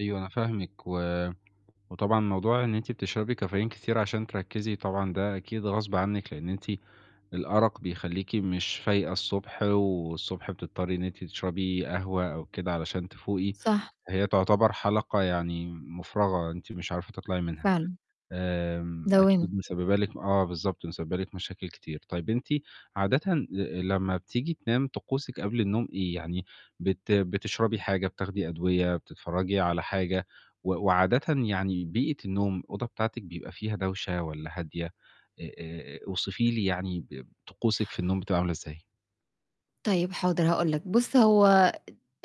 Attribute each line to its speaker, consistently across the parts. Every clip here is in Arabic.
Speaker 1: أيوه، أنا فاهمِك. و وطبعًا موضوع إن أنتِ بتشربي كافيين كتير عشان تركزي طبعًا ده أكيد غصبٍ عنِك. لأن أنتِ الأرق بيخلّيكِ مش فايقة الصبح، والصبح بتضطري إن أنتِ تشربي قهوة أو كده علشان تفوقي،
Speaker 2: صح.
Speaker 1: هي تُعتَبَر حَلَقة يعني مُفرغة، أنتِ مش عارفة تطلَعي منها.
Speaker 2: فعلًا.
Speaker 1: آمم
Speaker 2: دوامة.
Speaker 1: أكيد مسببة لِك آه بالضبط، مسببة لِك مشاكل كتير. طيب أنتِ عادةً لمّا بتيجي تنام، طقوسِك قَبْل النوم إيه، يعني بت بتشربي حاجة، بتاخدي أدوية، بتتفرجي على حاجة و وعادةً يعني بيئة النوم، الأوضة بتاعتِك بيبقى فيها دوشة والّا هادية، آآ آآ أوصفي لي يعني ب طقوسِك في النوم بتبقى عاملة إزاي؟
Speaker 2: طيب، حاضر هاقول لَك. بُص، هو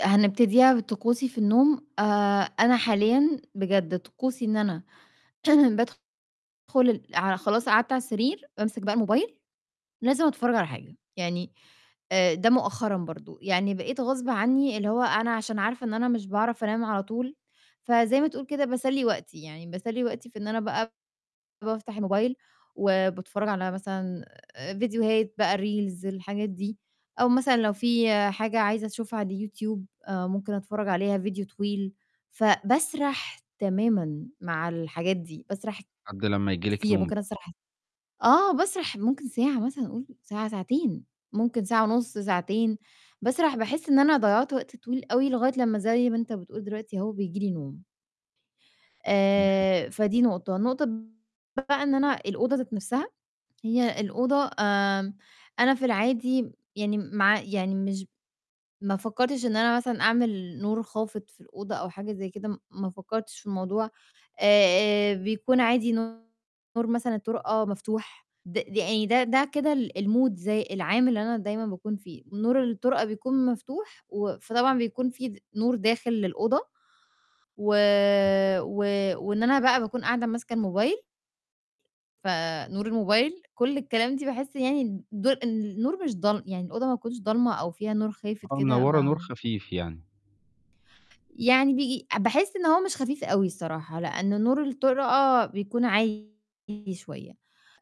Speaker 2: هنبتديها بطقوسي في النوم آآ أنا حاليًا بجد طقوسي إن أنا فعلًا بادخُل ال ع خلاص قعدت على السرير بامسك بقى الموبايل لازم أتفرج على حاجة، يعني آآ ده مؤخرًا برضو، يعني بقيت غصبٍ عني اللي هو أنا عشان عارفة إن أنا مش باعرف أنام على طول، فزَي ما تقول كده باسلِّي وقتي، يعني باسلِّي وقتي في إن أنا بقى بافتح الموبايل وباتفرج على مثلًا ڤيديوهات بقى reels الحاجات دي، أو مثلًا لو فيه حاجة عايزة أشوفها على اليوتيوب، ممكن أتفرج عليها ڤيديو طويل. فباسرح تمامًا مع الحاجات دي، باسرح
Speaker 1: لحَدّ لمّا ييجي لِك
Speaker 2: كتير،
Speaker 1: نوم
Speaker 2: ممكن
Speaker 1: بقى.
Speaker 2: أسرح آه باسرح ممكن ساعة مثلًا قُول ساعة ساعتين، ممكن ساعة ونُص ساعتين، باسرح باحسّ إن أنا ضيَّعت وقت طويل أوي لغاية لمّا زي ما أنت بتقول دلوقتي أهو بييجي لي نوم.
Speaker 1: تمام.
Speaker 2: آآ فدي نقطة. النقطة [unintelligible] بقى إن أنا الأوضة ذات نفْسها، هي الأوضة آمم، أنا في العادي يعني مع يعني مش ما فكّرتش إن أنا مثلًا أعمل نور خافت في الأوضة أو حاجة زي كده، ما فكّرتش في الموضوع، آآ بيكون عادي نور مثلًا الطُرقة مفتوح، د ده أي ده ده كده ال الmoods العام اللي أنا دايمًا باكون فيه، نور الطُرقة بيكون مفتوح و فطبعًا بيكون فيه د نور داخل للأوضة، و
Speaker 1: حلو
Speaker 2: و وإن أنا بقى باكون قاعدة ماسكة الموبايل. فنور الموبايل، كل الكلام دي باحس يعني ض النور مش ضال يعني الأوضة، ما تكونش ضالمة أو فيها نور خافت
Speaker 1: آه،
Speaker 2: كده
Speaker 1: منوّرة نور
Speaker 2: ما
Speaker 1: خفيف يعني.
Speaker 2: يعني بي باحس إن هو مش خفيف أوي الصراحة. لأن نور الطُرقة بيكون عالي شوية.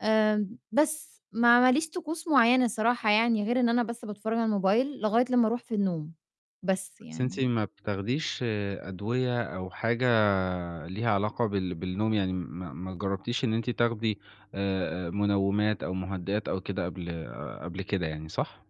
Speaker 2: آآ بس ما ما ليش طقوس مُعينة الصراحة يعني غير إن أنا بس باتفرج على الموبايل لغاية لمّا أرُوح في النوم، بس
Speaker 1: بس أنتِ
Speaker 2: يعني.
Speaker 1: ما بتاخديش أدوية أو حاجة ليها علاقة بال بالنوم يعني ما ما جرَّبتيش إن أنتِ تاخدي آآ منومات أو مهدئات أو كده قبل قبل كده يعني، صح؟